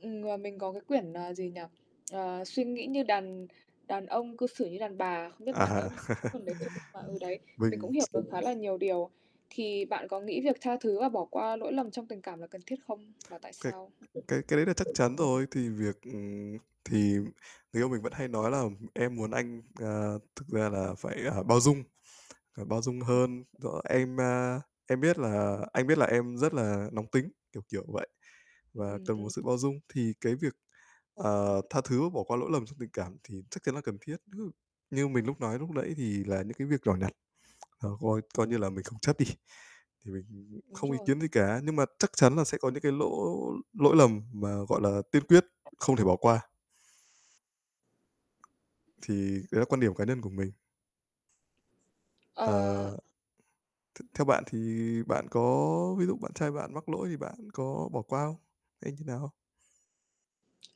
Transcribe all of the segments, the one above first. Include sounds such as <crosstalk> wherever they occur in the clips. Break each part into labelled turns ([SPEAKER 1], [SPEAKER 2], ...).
[SPEAKER 1] Ừm, ờ, mình có cái quyển, ờ, gì nhỉ, ờ, "Suy nghĩ như đàn đàn ông, cư xử như đàn bà" không biết bạn đã
[SPEAKER 2] À.
[SPEAKER 1] <unintelligible> cái
[SPEAKER 2] <laughs>
[SPEAKER 1] quyển đấy chư nhưng mà ừ, đấy, mình
[SPEAKER 2] Mình
[SPEAKER 1] cũng hiểu
[SPEAKER 2] ch
[SPEAKER 1] được khá là nhiều điều. Thì bạn có nghĩ việc tha thứ và bỏ qua lỗi lầm trong tình cảm là cần thiết không? Và tại
[SPEAKER 2] Cái
[SPEAKER 1] sao?
[SPEAKER 2] cái cái đấy là chắc chắn rồi. Thì việc ừm, thì người yêu mình vẫn hay nói là "Em muốn anh, à, thực ra là phải, a, bao dung, bao dung
[SPEAKER 1] Ừm
[SPEAKER 2] hơn." rồi "em, a, em biết là anh biết là em rất là nóng tính" kiểu, kiểu vậy, và
[SPEAKER 1] Ừm,
[SPEAKER 2] cần một
[SPEAKER 1] ừm.
[SPEAKER 2] sự bao dung. Thì cái việc,
[SPEAKER 1] Ờ.
[SPEAKER 2] ờ, tha thứ và bỏ qua lỗi lầm trong tình cảm thì chắc chắn là cần thiết. <unintelligible> Như mình lúc nói lúc nãy thì là những cái việc nhỏ nhặt, ờ, coi coi như là mình không chấp đi, thì mình
[SPEAKER 1] Đúng
[SPEAKER 2] không ý
[SPEAKER 1] rồi.
[SPEAKER 2] kiến gì cả. Nhưng mà chắc chắn là sẽ có những cái lỗ lỗi lầm mà, gọi là, tiên quyết không thể bỏ qua. Thì cái đấy là quan điểm cá nhân của mình. Ờ,
[SPEAKER 1] Ờ.
[SPEAKER 2] th theo bạn thì bạn có ví dụ bạn trai bạn mắc lỗi thì bạn có bỏ qua không? Hay như nào không?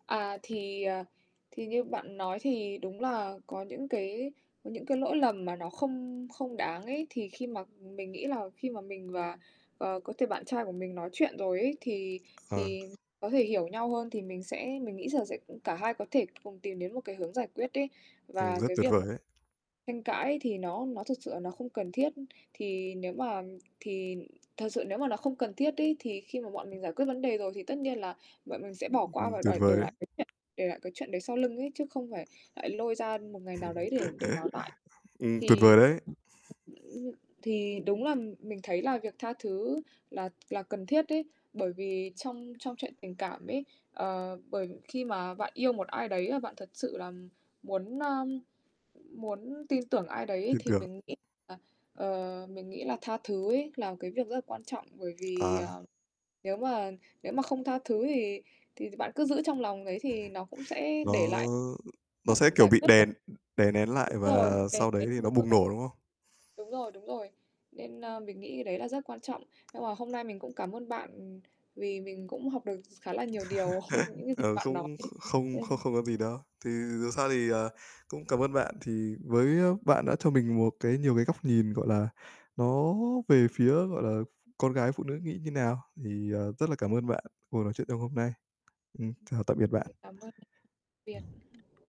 [SPEAKER 1] À, thì, ờ, thì như bạn nói thì đúng là có những cái những cái lỗi lầm mà nó không không đáng ấy thì khi mà mình nghĩ là khi mà mình và, ờ, có thể bạn trai của mình nói chuyện rồi ấy, thì
[SPEAKER 2] Ờ.
[SPEAKER 1] thì có thể hiểu nhau hơn thì mình sẽ mình nghĩ giờ sẽ cả hai có thể cùng tìm đến một cái hướng giải quyết ấy.
[SPEAKER 2] Ừm,
[SPEAKER 1] Và
[SPEAKER 2] rất
[SPEAKER 1] cái
[SPEAKER 2] tuyệt
[SPEAKER 1] việc
[SPEAKER 2] vời
[SPEAKER 1] mà
[SPEAKER 2] đấy.
[SPEAKER 1] tranh cãi thì nó nó thực sự là nó không cần thiết. Thì nếu mà thì thật sự nếu mà nó không cần thiết ấy, thì khi mà bọn mình giải quyết vấn đề rồi thì tất nhiên là bọn mình sẽ bỏ qua
[SPEAKER 2] Ừm,
[SPEAKER 1] và
[SPEAKER 2] tuyệt
[SPEAKER 1] đòi để
[SPEAKER 2] vời đấy.
[SPEAKER 1] lại <unintelligible> để lại cái chuyện đấy sau lưng ấy, chứ không phải lại lôi ra một ngày nào đấy để để nói lại.
[SPEAKER 2] <chuckles> Ừm, tuyệt
[SPEAKER 1] Thì
[SPEAKER 2] vời đấy.
[SPEAKER 1] thì đúng là mình thấy là việc tha thứ là là cần thiết ấy. Bởi vì trong trong chuyện tình cảm ấy, ờ, bởi khi mà bạn yêu một ai đấy, à, bạn thật sự là muốn, ơ, muốn tin tưởng ai đấy
[SPEAKER 2] Tin
[SPEAKER 1] thì
[SPEAKER 2] tưởng.
[SPEAKER 1] mình nghĩ là, ờ, mình nghĩ là tha thứ ấy là cái việc rất là quan trọng. Bởi vì,
[SPEAKER 2] À.
[SPEAKER 1] ờ, nếu mà nếu mà không tha thứ thì thì bạn cứ giữ trong lòng ấy thì nó cũng
[SPEAKER 2] <chuckles>
[SPEAKER 1] sẽ để lại
[SPEAKER 2] Nó nó sẽ,
[SPEAKER 1] chẳng
[SPEAKER 2] kiểu,
[SPEAKER 1] giải
[SPEAKER 2] bị
[SPEAKER 1] quyết được.
[SPEAKER 2] đèn đè nén lại
[SPEAKER 1] Đúng rồi,
[SPEAKER 2] và
[SPEAKER 1] đè
[SPEAKER 2] sau đấy
[SPEAKER 1] nén,
[SPEAKER 2] thì nó
[SPEAKER 1] đúng
[SPEAKER 2] bùng
[SPEAKER 1] rồi.
[SPEAKER 2] nổ, đúng không?
[SPEAKER 1] Đúng rồi, đúng rồi, nên, ơ, mình nghĩ cái đấy là rất quan trọng. Nhưng mà hôm nay mình cũng cảm ơn bạn vì mình cũng học được s khá là nhiều điều <chuckles>
[SPEAKER 2] <laughs>
[SPEAKER 1] <unintelligible> những gì
[SPEAKER 2] Ờ,
[SPEAKER 1] bạn
[SPEAKER 2] không
[SPEAKER 1] nói ấy,
[SPEAKER 2] kh không không
[SPEAKER 1] nên
[SPEAKER 2] không có gì đâu. Thì dù sao thì, ờ, cũng cảm ơn bạn thì với bạn đã cho mình một cái nhiều cái góc nhìn, gọi là, nó về phía, gọi là, con gái, phụ nữ nghĩ như nào thì, à, rất là cảm ơn bạn cuộc nói chuyện trong hôm nay. Ừm, chào tạm biệt
[SPEAKER 1] Ờ,
[SPEAKER 2] bạn.
[SPEAKER 1] cảm ơn biệt.